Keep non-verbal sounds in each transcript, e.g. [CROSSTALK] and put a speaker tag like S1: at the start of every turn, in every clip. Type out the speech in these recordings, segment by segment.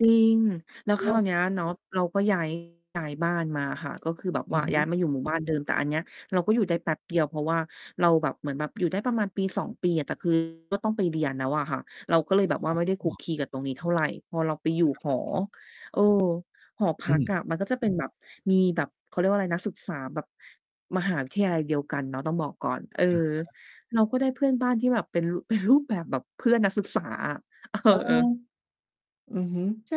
S1: จริง แล้วค
S2: เหร
S1: รา
S2: อ?
S1: วเนี้ยเนาะ เราก็ ย้าย ย้ายบ้านมาอะค่ะ ก็คือแบบ
S2: อ
S1: ว่
S2: ื
S1: า
S2: อฮ
S1: ย้าย
S2: ึ
S1: มาอยู่หมู่บ้าน เดิม แต่อันเนี้ยเราก็อยู่ได้แป๊บเดียว เพราะว่าเราแบบเหมือนแบบอยู่ได้ประมาณ 1-2 ปีอะ แต่ คือ ก็ต้องไปเรียนแล้วอะค่ะ เราก็เลยแบบว่าไม่ได้ค
S2: อ
S1: ลุ
S2: ๋
S1: ก
S2: อ
S1: คลีกับตรงนี้เท่าไร พอเราไปอยู่
S2: ครับ
S1: หอ
S2: ผม
S1: เออ หอพ
S2: อื
S1: ักอ
S2: ม
S1: ะมันก็จะเป็น แบบ มีแบบ เขาเรียกว่าไร นักศึกษาแบบมหาวิทยาลัยเดียวกันเนาะ ต้องบอกก่อน เออ
S2: อะฮะ
S1: เราก็ได้เพื่อนบ้านที่แบบเป็น ร เป็นรูปแบบ แบบเพื่อนนักศึกษาอะ เ
S2: เออ
S1: ออ
S2: อือ ฮึ
S1: ใช่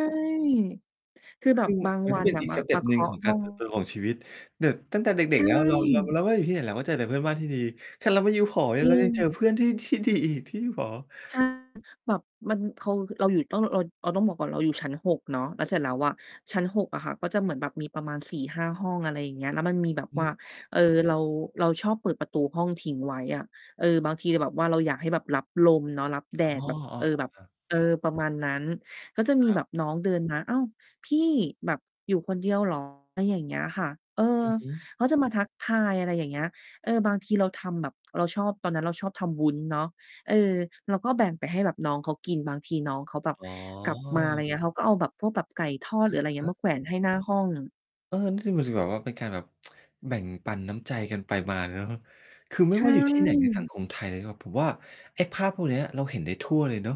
S1: คือแบ
S2: ซึ
S1: บ
S2: ่ง
S1: บาง
S2: มัน
S1: ว
S2: ก
S1: ั
S2: ็เ
S1: น
S2: ป็น
S1: อะ
S2: อีก
S1: มา
S2: สเต็
S1: มา
S2: ป
S1: เค
S2: หนึ่ง
S1: า
S2: ข
S1: ะ
S2: อง
S1: ห
S2: กา
S1: ้อ
S2: ร
S1: ง
S2: เติบโต ของชีวิต แบบตั้งแต่เด
S1: ใช
S2: ็ก ๆ แล้วเรา เรา
S1: ่
S2: เราก็อยู่ที่ไหน เราก็เจอแต่เพื่อนบ้านที่ดี ขนาดเรา ไปอยู่หอเนี
S1: จ
S2: ่ย
S1: ริ
S2: เรายังเจอ
S1: ง
S2: เพื่อนที่ ที่ดีอีก ที่อยู่หอ
S1: ใช่ แบบมัน เคา ฮือ เราอยู่ ต้องรอออน เราต้องบอกก่อน เราอยู่ชั้น 6 เนาะ แล้วเสร็จแล้วอะ ชั้น 6 อะค่ะก็จะเหมือนแบบมีประมาณ 4-5 ห้อง อะไรอย่างเงี้ย แล้วมันมีแบบ
S2: อือ
S1: ว
S2: ฮ
S1: ่า
S2: ึ
S1: เออ เรา เราชอบเปิดประตูห้องทิ้งไว้อะ เออ บางทีเราแบบว่าเรา อยากให้แบบรับลมเนาะ รับแด
S2: อ๋อ
S1: ดแบบ
S2: อ้
S1: เ
S2: อ
S1: ออ
S2: อ๋อ
S1: แบบ
S2: ครับ
S1: เออ ประมาณนั้น ก็จะมี
S2: ครั
S1: แบ
S2: บ
S1: บน้องเดินมา "อ้าว พี่" แบบ "อยู่คนเดียว เหรอ?" ไรอย่างเงี้ยค่ะ เออ
S2: อือฮึ
S1: เขาจะมา ทักทาย อะไรอย่างเงี้ย เออ บางทีเราทำแบบ เราชอบ ตอนนั้นเราชอบทำวุ้นเนาะ เออ เราก็แบ่งไปให้แบบน้องเขากิน บางทีน้องเขาแบบ
S2: อ๋อ
S1: กลับมา ไร เงี้ย เขาก็เอาแบบพวกแบบไก่ทอด
S2: อ
S1: หรื
S2: ะ
S1: ออะไรเง
S2: ฮ
S1: ี้ย
S2: ะ
S1: มาแขวนให้หน้า ห้อง
S2: เออ นี่คือ มันจะแบบว่าเป็นการแบบ [TSK] แบ่งปันน้ำใจกันไปมาเลยเนาะ คือไ
S1: ใ
S2: ม่
S1: ช
S2: ว่าอยู่ ที่ ไหนใน สัง
S1: ่
S2: คม ไทยนะครับ ผมว่าไอ้ภาพพวกเนี้ย เราเห็นได้ทั่วเลยเนาะ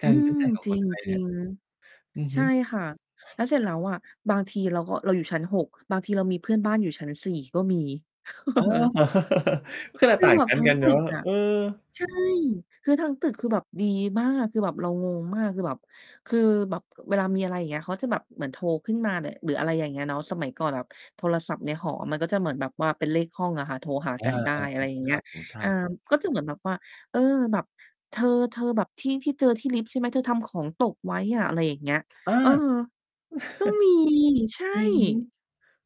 S2: ก
S1: อ
S2: า
S1: ื
S2: ร มีน
S1: ม
S2: ้ำใจของ
S1: จร
S2: คนไทยเนี่
S1: ิ
S2: ย
S1: ง
S2: อือ
S1: ๆ ใช
S2: ฮึ
S1: ่ค่ะ แล้วเสร็จ แล้วอะ บางทีเราก็ เราอยู่ชั้น 6 บางทีเรามีเพื่อนบ้านอยู่ชั้น 4 ก็มี [CHUCKLES]
S2: อ๋อ
S1: [CHUCKLES] เออ
S2: [CHUCKLES] ขนาด
S1: คือ
S2: ต่าง
S1: แบ
S2: ช
S1: บ
S2: ั้น
S1: ทั้ง
S2: กัน
S1: ต
S2: เน
S1: ึ
S2: า
S1: ก
S2: ะ
S1: อะ
S2: เออ
S1: ใช่ คือ ทั้งตึกคือแบบดีมาก คือแบบเรางงมาก คือแบบ คือแบบเวลามีอะไร อย่างเงี้ย เขาจะแบบเหมือนโทรขึ้นมา ล หรืออะไรอย่างเงี้ยเนาะ สมัยก่อนแบบโทรศัพท์ในหอ มันก็จะเหมือนแบบว่าเป็นเลขห้องอะค่ะ โทรหา
S2: อ
S1: ก
S2: า
S1: ันได้ อะไร อย่
S2: ๆ
S1: างเง
S2: ๆ ค
S1: ี้
S2: ร
S1: ย
S2: ับผม ใช
S1: อ่
S2: ่
S1: า ก็เหมือนแบบว่า เออ แบบ "เธอ ๆ แบบที่ ที่เจอที่ลิฟต์ ใช่ไหม เธอทำของตกไว้อะ" อะไรอย่างเงี้ย
S2: อา
S1: เออ
S2: [CHUCKLES]
S1: ก็ มี ใช่
S2: อือฮึ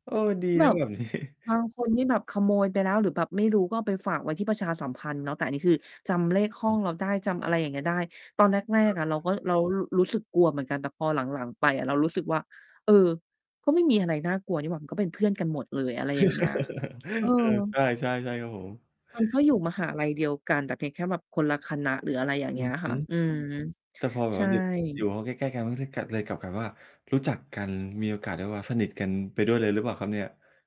S2: เออ ดี
S1: แบ
S2: นะ
S1: บ
S2: แบบ นี้
S1: บางคนนี่แบบขโมยไปแล้ว หรือแบบไม่รู้ก็เอาไปฝากไว้ที่ประชาสัมพันธ์เนาะ แต่อันนี้คือจำเลขห้
S2: ค
S1: อ
S2: ร
S1: งเราได้ จ
S2: ับ
S1: ำอะไรอย่างเงี้ยได้ ตอนแร
S2: อะฮ
S1: ก
S2: ะ
S1: ๆ อะเราก็ เรา รู รู้สึกกลัวเหมือนกัน แต่พอหลัง ๆ ไปอะเรารู้สึกว่า "เออ ก็ไม่มีอะไรน่ากลัวนี่หว่า มันก็เป็นเพื่อน กันหมดเลย" อะไรอย่าง เงี้ย เออ
S2: [CHUCKLES] เออ ใช่ ๆ ใช่ครับผม
S1: มันก็อยู่มหาลัยเดียวกัน แต่เพียงแค่แบบคนละคณะหรืออะไรอย่าง
S2: อ
S1: เ
S2: ื
S1: งี้
S2: อ
S1: ย
S2: ฮ
S1: ค
S2: ึ
S1: ่ะ อืม
S2: แต่พอแบ
S1: ใช
S2: บว
S1: ่
S2: ่าอยู่ อยู่ห้องใกล้ ๆ กัน มันก็เลยกลับ เลยกลับกลายเป็นว่า รู้จักกัน มีโอกาสได้แบบว่าสนิทกันไปด้วยเลยหรือเปล่าครับเนี่ย?